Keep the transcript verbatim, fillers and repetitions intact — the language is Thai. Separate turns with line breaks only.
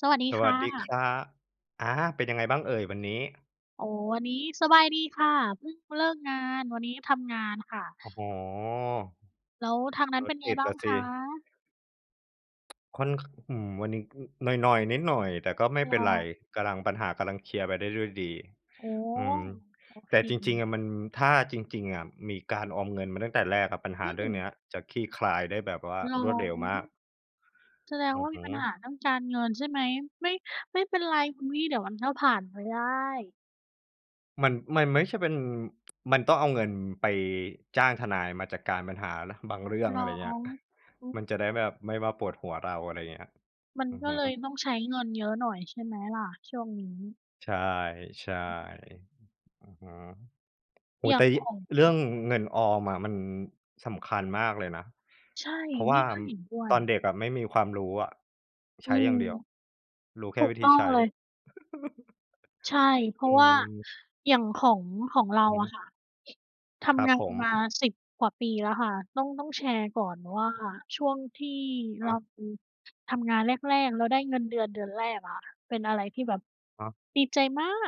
สวัสดี
ส
ค
วั
่
สดีค
ะ
รับ อา เป็นยังไงบ้างเอ่ย วันนี้?
โอ้ วันนี้สบายดีค่ะ เพิ่งเลิกงาน วันนี้ทำงานค่ะ
โอ้โฮ
แล้วทางนั้
ร
นเป
ถ
็นไ
ต
ง
ิด
บ้
ล
า
่
ง
ะส
ค
ิ
ะ?
ค่อน ข อืม วันนี้ อ หน่อย ๆ นิดหน่อย แต่ก็ไม่
ร
เป
้
็
อ
นไร
น
กำลัง ปัญหากำลังเคลียร์ไปได้ด้วยดี
โอ้
อืม
โอ
แต
เค
่จริง ๆ อะมัน ถ้าจริง ๆ อะ มีการออมเงินมาตั้งแต่แรกอะ ปัญห
อ
า
ื
เรื่อง
ม
นี้อะจะคลี่คลายได้แบบว่า
เหรอ?
รวดเร็วมาก
แสดง
อื
ว่
อ
า
ฮ
มี
ึ
ปัญหาเรื่องการเงินใช่ไหม ไม่ ไม่เป็นไรคุณพี่เดี๋ยวมันก็ผ่านไปได้
มัน มันไม่ใช่เป็น มันต้องเอาเงินไปจ้างทนาย มาจัดการปัญหานะบางเรื่อง
น
อ
้
ะไ
อ
รเงี้ย
ง อุ๊ย
มันจะได้แบบไม่มาปวดหัวเรา อะไรอย่างเงี้ย
มัน
อือ
ก็
ฮึ
เลยต้องใช้เงินเยอะหน่อย ใช่ไหมล่ะช่วงนี้?
ใช่
อืม
ๆ อือฮึ โอ้
อ
โ
ย
ฮ
่า
แต
ง
่ย
ข
ิ
อง
เรื่อง
อ
เงินออมอะ มัน สำคัญมากเลยนะ
ใช่
เพราะว
น
่
ี
า
่ก็เห็นด้ว
ต
ย
อนเด็กอะไม่มีความรู้อะ ใ
อ
ช
ื
้อย
ม
่างเดียว รู้แ
ถ
ค่
ูก
วิ
ต
ธี
้อ
ใ
ง
ช้
เลย ใช่ เพรา
อื
ะว่า
อ
อย่างของ ของเร
อ
า
ือฮ
อ
ึ
ะค่ะ ท
ครั
ำ
บ
งา
ผ
น
ม
มา สิบ กว่าปีแล้วค่ะ ต้อง ต้องแชร์ก่อนว่า ช่วงที่
ค
เร
รั
า
บ
ทำงานแรก ๆ แล้วได้เงินเดือนเดือนแรกอะ เป็นอะไรที่แบบ
ครับ
ดีใจมาก